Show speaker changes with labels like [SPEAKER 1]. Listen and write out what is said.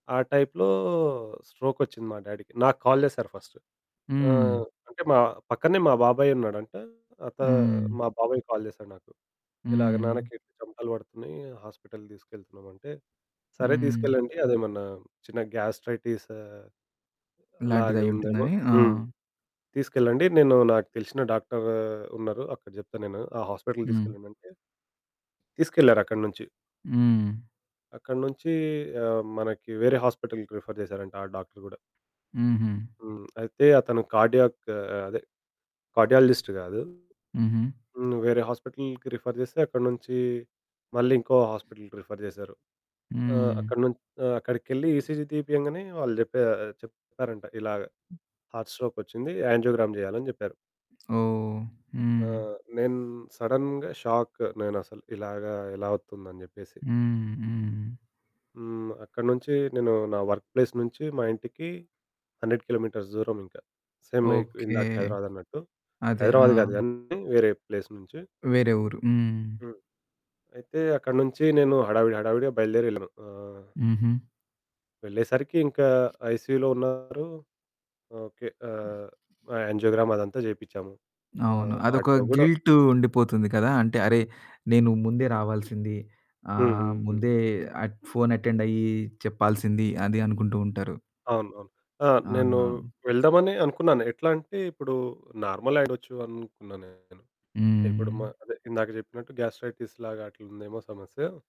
[SPEAKER 1] ఆ టైప్‌లో స్ట్రోక్ ఒచ్చింది మా డ్యాడీకి, నాకు కాల్ చేశారు ఫస్ట్.
[SPEAKER 2] హ్మ్.
[SPEAKER 1] ఆహ్, అంటే మా పక్కనే మా బాబాయ్ ఉన్నాడంట అత
[SPEAKER 2] హ్మ్.
[SPEAKER 1] మా బాబాయ్ కాల్ చేసాడు నాకు. ఇలాగ,
[SPEAKER 2] హ్మ్.
[SPEAKER 1] "నాన్నకి చెమటలు పడుతున్నాయి, హాస్పిటల్‌కి తీసుకెళ్తున్నాం" అంటే, సరే
[SPEAKER 2] హ్మ్.
[SPEAKER 1] తీసుకెళ్లండి అదేమన్నా చిన్న గ్యాస్ట్రైటిస్ అలాగ
[SPEAKER 2] ఇలాంటిది అయ్యి
[SPEAKER 1] ఉందేమో.
[SPEAKER 2] ఉంటుందని ఆ!
[SPEAKER 1] హ్మ్. తీసుకెళ్లండి నేను నాకు తెలిసిన డాక్టరు ఉన్నారు. అక్కడ చెప్తాను నేను ఆ హాస్పిటల్‌కి
[SPEAKER 2] హ్మ్.
[SPEAKER 1] తీసుకెళ్లండంటే తీసుకెళ్లారు అక్కడి నుంచి.
[SPEAKER 2] హ్మ్.
[SPEAKER 1] అక్కడి నుంచి ఆహ్, మనకి వేరే హాస్పిటల్‌కి ప్రిఫర్ చేసారంట ఆ డాక్టరు కూడా.
[SPEAKER 2] హుహు.
[SPEAKER 1] హ్మ్, అయితే అతను కార్డియాక్ ఆహ్, అదే కార్డియాలజిస్ట్ కాదు.
[SPEAKER 2] హుహు.
[SPEAKER 1] హ్మ్, వేరే హాస్పిటల్‌కి రిఫర్ చేస్తే అక్కడి నుంచి మళ్ళీ ఇంకో హాస్పిటల్‌కి రిఫర్ చేశారు. ఆహ్,
[SPEAKER 2] హ్మ్.
[SPEAKER 1] అక్కడి నుంచి ఆహ్, అక్కడికెళ్లి ఈసీజీ తీపియంగనే వాళ్ళు చెప్పా చెప్పారంట ఇలా హార్ట్ స్ట్రోక్ ఒచ్చింది, యాంజియోగ్రామ్ జేయాలని చెప్పారు.
[SPEAKER 2] ఓహ్!
[SPEAKER 1] ఆ!
[SPEAKER 2] హ్మ్.
[SPEAKER 1] నేను సడెన్‌గా షాక్ నేనసలు. ఇలాగ ఎలా అవుతుంది అని చెప్పేసి.
[SPEAKER 2] హ్మ్, హ్మ్.
[SPEAKER 1] హ్మ్. అక్కడి నుంచి నేను నా వర్క్ ప్లేస్ నుంచి మా ఇంటికి 100 కిలోమీటర్స్ దూరం ఇంక. సేమ్ ఎట్
[SPEAKER 2] ఓకె,
[SPEAKER 1] ఇందాక హైదరాబాద్ అన్నట్టు.
[SPEAKER 2] అదే. ఆ!
[SPEAKER 1] హైదరాబాద్ కాదు గాని వేరే ప్లేస్ నుంచి.
[SPEAKER 2] వేరే ఊరు. హ్మ్.
[SPEAKER 1] హ్మ్. అయితే అక్కడి నుంచి నేను హడావిడి హడావిడిగా బయలుదేరెళ్ళాను. ఆహ్
[SPEAKER 2] హుహు.
[SPEAKER 1] వెళ్ళేసరికి ఇంకా ఐసీయూలో ఉన్నారు. ఓకె ఆహ్, యాంజియోగ్రామ్ అదంతా చేపించాము.
[SPEAKER 2] అవును.
[SPEAKER 1] ఆహ్,
[SPEAKER 2] అదొక
[SPEAKER 1] హార్ట్‌లో కూడ
[SPEAKER 2] గిల్టు ఉండిపోతుంది కదా! అంటే, "అరే! నేను ముందే రావాల్సింది
[SPEAKER 1] హ్మ్,
[SPEAKER 2] ఆహ్,
[SPEAKER 1] హ్మ్, హ్మ్.
[SPEAKER 2] ముందే ఆట్ ఫోన్ అటెండ్ అయ్యి చెప్పాల్సింది" అది అనుకుంటూ ఉంటారు.
[SPEAKER 1] అవును, అవును. ఆహ్, నేను
[SPEAKER 2] ఆహా!
[SPEAKER 1] వెళ్దామని అనుకున్నాను ఎట్లా అంటే ఇప్పుడు నార్మల్ అయిడొచ్చు అనుకున్నాను నేను. ఇప్పుడు మా
[SPEAKER 2] హ్మ్.
[SPEAKER 1] అదే ఇందాక చెప్పినట్టు గ్యాస్ట్రైటిస్ లాగా అట్లా ఉందేమో సమస్య.